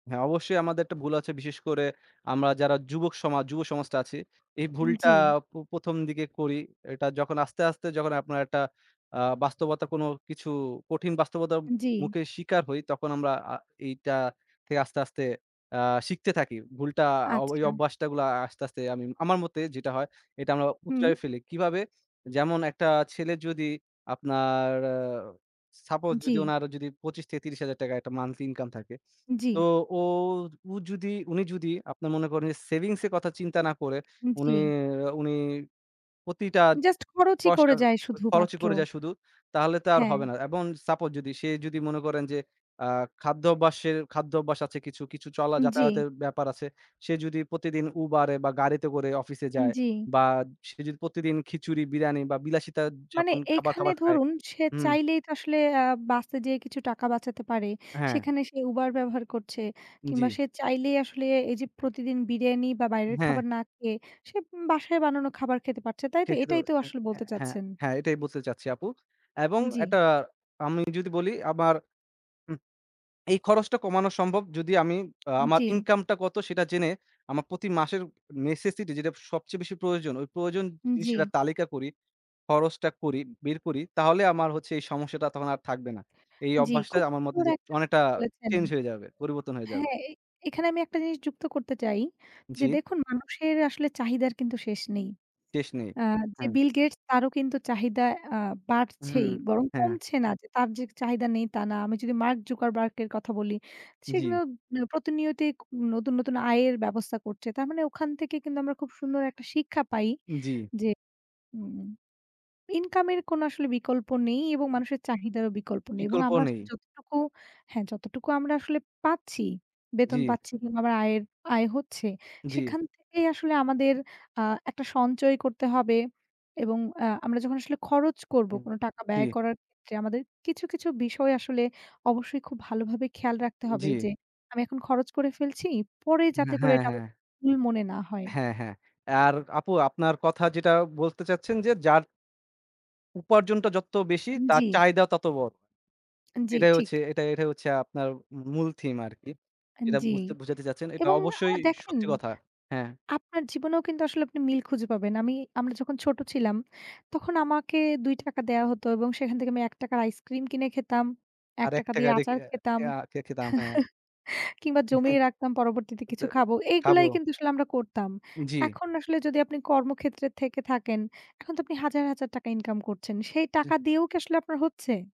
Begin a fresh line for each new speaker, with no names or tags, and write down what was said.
হ্যাঁ, অবশ্যই আমাদের একটা ভুল আছে বিশেষ করে আমরা যারা যুবক সমাজ যুব সমাজটা আছি এই ভুলটা
জ্বি।
প প্রথম দিকে করি। এটা যখন আস্তে, আস্তে যখন আপনার একটা আ বাস্তবতার কোনো কিছু কঠিন বাস্তবতার
জ্বি।
মুখে শিকার হই তখন আমরা আ এইটা থেকে আস্তে, আস্তে আ শিখতে থাকি। ভুলটা ও ওই
আচ্ছা।
অভ্যাসটা গুলো আস্তে, আস্তে আমি আমার মতে যেটা হয় এটা আমরা
হুম।
উতরাই ফেলি। কিভাবে? যেমন একটা ছেলে যদি আপনার suppose যদি
জ্বি।
ওনার যদি ২৫ থেকে ৳৩০,০০০ একটা monthly income থাকে তো
জ্বি।
ও উ যদি উনি যদি আপনার মনে করেন যে সেভিংস এর কথা চিন্তা না করে উনি
জ্বি।
উনি প্রতিটা
জাস্ট খরচই
পয়সা
করে যায়
খরচই
শুধুমাত্র।
করে যায় শুধু তাহলে তো আর
হ্যাঁ।
হবে না এবং suppose যদি সে যদি মনে করেন যে আ খাদ্য অভ্যাসের খাদ্য অভ্যাস আছে কিছু, কিছু চলা
জ্বি।
যাতায়াতের ব্যাপার আছে। সে যদি প্রতিদিন উবারে বা গাড়িতে করে অফিসে যায়
জ্বি।
বা সে যদি প্রতিদিন খিচুড়ি, বিরিয়ানি বা বিলাসিতা
মানে
যাপন খাবা
এখানে
খাবার খায়।
ধরুন সে
হুম।
চাইলেই তো আসলে আ বাসে যেয়ে কিছু টাকা বাঁচাতে পারে,
হ্যাঁ।
সেখানে সে উবার ব্যবহার করছে কিংবা
জ্বি।
সে চাইলেই আসলে এই যে প্রতিদিন বিরিয়ানি বা বাইরের
হ্যাঁ।
খাবার না খেয়ে সে বাসায় বানানো খাবার খেতে পারছে তাই তো
ঠিকই তো
এটাই তো
বলেছে,
আসলে
হ্যাঁ,
বলতে
হ্যাঁ,
চাচ্ছেন?
হ্যাঁ এটাই বুঝাতে চাচ্ছি আপু। এবং
জ্বি।
একটা আমি যদি বলি আবার উ এই খরচটা কমানো সম্ভব যদি আমি আমার
জ্বি।
ইনকাম টা কত সেটা জেনে আমার প্রতি মাসের necessity যেটা সবচেয়ে বেশি প্রয়োজন, ওই প্রয়োজন জিনিসের একটা
জ্বি।
তালিকা করি, খরচটা করি, বের করি তাহলে আমার হচ্ছে এই সমস্যাটা তখন আর থাকবে না। এই
জ্বি,
অভ্যাসটা
খুব
আমার মতে
সুন্দর
যে
একটা
অনেকটা
কথা বলেছেন।
চেঞ্জ হয়ে যাবে, পরিবর্তন হয়ে যাবে।
হ্যাঁ, এ এখানে আমি একটা জিনিস যুক্ত করতে চাই, যে
জ্বি।
দেখুন মানুষের আসলে চাহিদার কিন্তু শেষ নেই।
শেষ নেই,
আ যে
হ্যাঁ।
বিল গেটস তারও কিন্তু চাহিদা আ বাড়ছেই
হুম,
বরং
হ্যাঁ।
কমছে না। যে তার যে চাহিদা নেই তা না। আমি যদি মার্ক জুকারবার্গ এর কথা বলি, সে কিন্তু
জ্বি।
প্রতিনিয়ত নতুন, নতুন আয়ের ব্যবস্থা করছে। তার মানে ওখান থেকে কিন্তু আমরা খুব সুন্দর একটা শিক্ষা পাই
জ্বি।
যে হুম ইনকাম এর কোনো আসলে বিকল্প নেই এবং মানুষের চাহিদারও বিকল্প নেই এবং
বিকল্প
আমরা
নেই।
আসলে যতটুকু হ্যাঁ, যতটুকু আমরা আসলে পাচ্ছি, বেতন
জ্বি।
পাচ্ছি কিংবা আমার আয়ের আয় হচ্ছে
জ্বি।
সেখান থেকেই আসলে আমাদের আ একটা সঞ্চয় করতে হবে। এবং আ আমরা যখন আসলে খরচ করবো কোনো টাকা ব্যয়
জ্বি।
করার ক্ষেত্রে আমাদের কিছু, কিছু বিষয় আসলে অবশ্যই খুব ভালোভাবে খেয়াল রাখতে হবে
জ্বি।
যে আমি এখন খরচ করে ফেলছি পরে যাতে
হ্যাঁ,
করে
হ্যাঁ,
এটা আবার
হ্যাঁ।
ভুল মনে না হয়।
হ্যাঁ, হ্যাঁ। আর আপু আপনার কথা যেটা বলতে চাচ্ছেন যে যার উপার্জনটা যত বেশি তার
জ্বি।
চাহিদাও তত বড়।
জ্বি,
এটাই
ঠিক।
হচ্ছে, এটা এটাই হচ্ছে আপনার মূল থিম আরকি। যেটা
জ্বি
বুঝতে বুঝাতে চাচ্ছেন এটা
এবং আ
অবশ্যই
দেখেন
সত্যি কথা, হ্যাঁ।
আপনার জীবনেও কিন্তু আসলে আপনি মিল খুঁজে পাবেন। আমি আমরা যখন ছোট ছিলাম তখন আমাকে ৳২ দেয়া হতো এবং সেখান থেকে আমি ৳১ আইসক্রিম কিনে খেতাম, এক
আরেক
টাকা দিয়ে
টাকা রেখে
আচার খেতাম
খ খেতাম হ্যাঁ।
কিংবা জমিয়ে রাখতাম, পরবর্তিতে কিছু খাবো। এগুলাই
খাবো।
কিন্তু আসলে আমরা করতাম।
জ্বি।
এখন আসলে যদি আপনি কর্মক্ষেত্রে থেকে থাকেন, এখন তো আপনি হাজার, হাজার টাকা ইনকাম করছেন। সেই টাকা
[unintelligible]
দিয়েও কি আসলে আপনার হচ্ছে?